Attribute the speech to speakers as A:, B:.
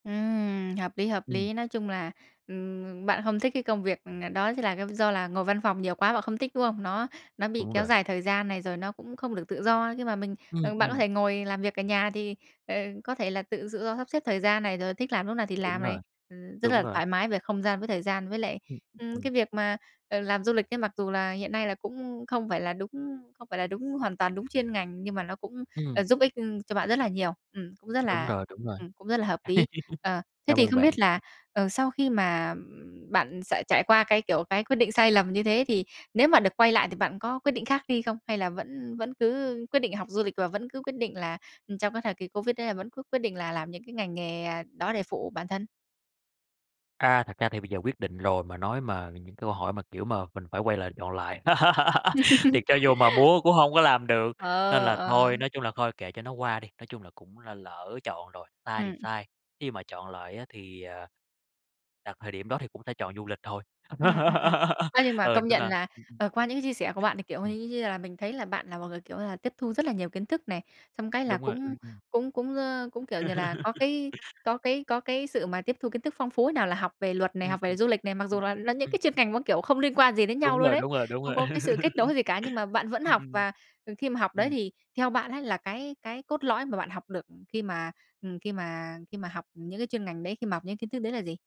A: Ừm, hợp lý, hợp
B: Ừm.
A: lý. Nói chung là, ừm, bạn không thích cái công việc, ờ, đó thì là do là ngồi văn phòng nhiều quá, bạn không thích, đúng không? Nó nó bị
B: Đúng
A: kéo
B: rồi.
A: dài thời gian này, rồi nó cũng không được tự do. Nhưng mà mình
B: Ừ,
A: ờ, bạn có
B: ừ.
A: thể ngồi làm việc ở nhà thì, ờ, có thể là tự tự do sắp xếp thời gian này, rồi thích làm lúc nào thì làm
B: Đúng
A: này,
B: rồi,
A: ừm, rất
B: đúng
A: là
B: rồi.
A: thoải mái về không gian với thời gian. Với lại,
B: Ừ, ừm,
A: ừm, cái
B: ừ.
A: việc mà, ờ, làm du lịch ấy, mặc dù là hiện nay là cũng không phải là đúng không phải là đúng hoàn toàn đúng chuyên ngành, nhưng mà nó cũng,
B: Ừm.
A: ờ, giúp ích cho bạn rất là nhiều. Ừm, cũng rất
B: Đúng
A: là
B: rồi, đúng rồi,
A: ừm, cũng rất là hợp lý. Ờ, thế
B: cảm
A: thì
B: ơn
A: không
B: bạn
A: biết là,
B: nha!
A: ờ, sau khi mà bạn sẽ trải qua cái, kiểu, cái quyết định sai lầm như thế thì nếu mà được quay lại thì bạn có quyết định khác đi không? Hay là vẫn vẫn cứ quyết định học du lịch, và vẫn cứ quyết định là trong cái thời kỳ Covid đấy là vẫn cứ quyết định là làm những cái ngành nghề, ờ, đó để phụ bản thân?
B: A, thật ra thì bây giờ quyết định rồi mà nói mà những câu hỏi mà, kiểu, mà mình phải quay lại chọn lại, thì cho dù mà muốn cũng hông có làm được. Nên
A: Ờ,
B: là
A: ờ.
B: thôi, nói chung là thôi kệ cho nó qua đi. Nói chung là cũng là lỡ chọn rồi, sai thì
A: Ừm.
B: sai, khi mà chọn lại á thì, ờ, đặt thời điểm đó thì cũng sẽ chọn du lịch thôi.
A: Ừm, ừm, ừm. Á, nhưng mà
B: Ờ,
A: công
B: nên
A: nhận
B: là
A: là,
B: ừm, ừm.
A: ờ, qua những cái chia sẻ của bạn, thì, kiểu,
B: Ừm.
A: như như là mình thấy là bạn là một người, kiểu là, tiếp thu rất là nhiều kiến thức này. Xong cái là
B: Đúng rồi,
A: cũng
B: ừm, ừm.
A: cũng cũng, ơ, cũng, kiểu như là, có cái có cái có cái sự mà tiếp thu kiến thức phong phú ấy. Nào là học về luật này,
B: Ờ,
A: học về
B: ừm.
A: du lịch này, mặc
B: Ừm,
A: dù là là những
B: ừm.
A: cái chuyên ngành mà, kiểu, không liên quan gì đến nhau
B: Đúng
A: luôn
B: rồi,
A: ấy,
B: đúng rồi ,đúng
A: không
B: rồi.
A: có cái sự kết nối gì cả, nhưng mà bạn vẫn
B: Ừ,
A: học.
B: ừm.
A: Và, ờ, khi mà học đấy
B: Ừm.
A: thì theo bạn ấy là cái cái cốt lõi mà bạn học được khi mà, ừm, khi mà khi mà học những cái chuyên ngành đấy, khi mà học những kiến thức đấy là gì?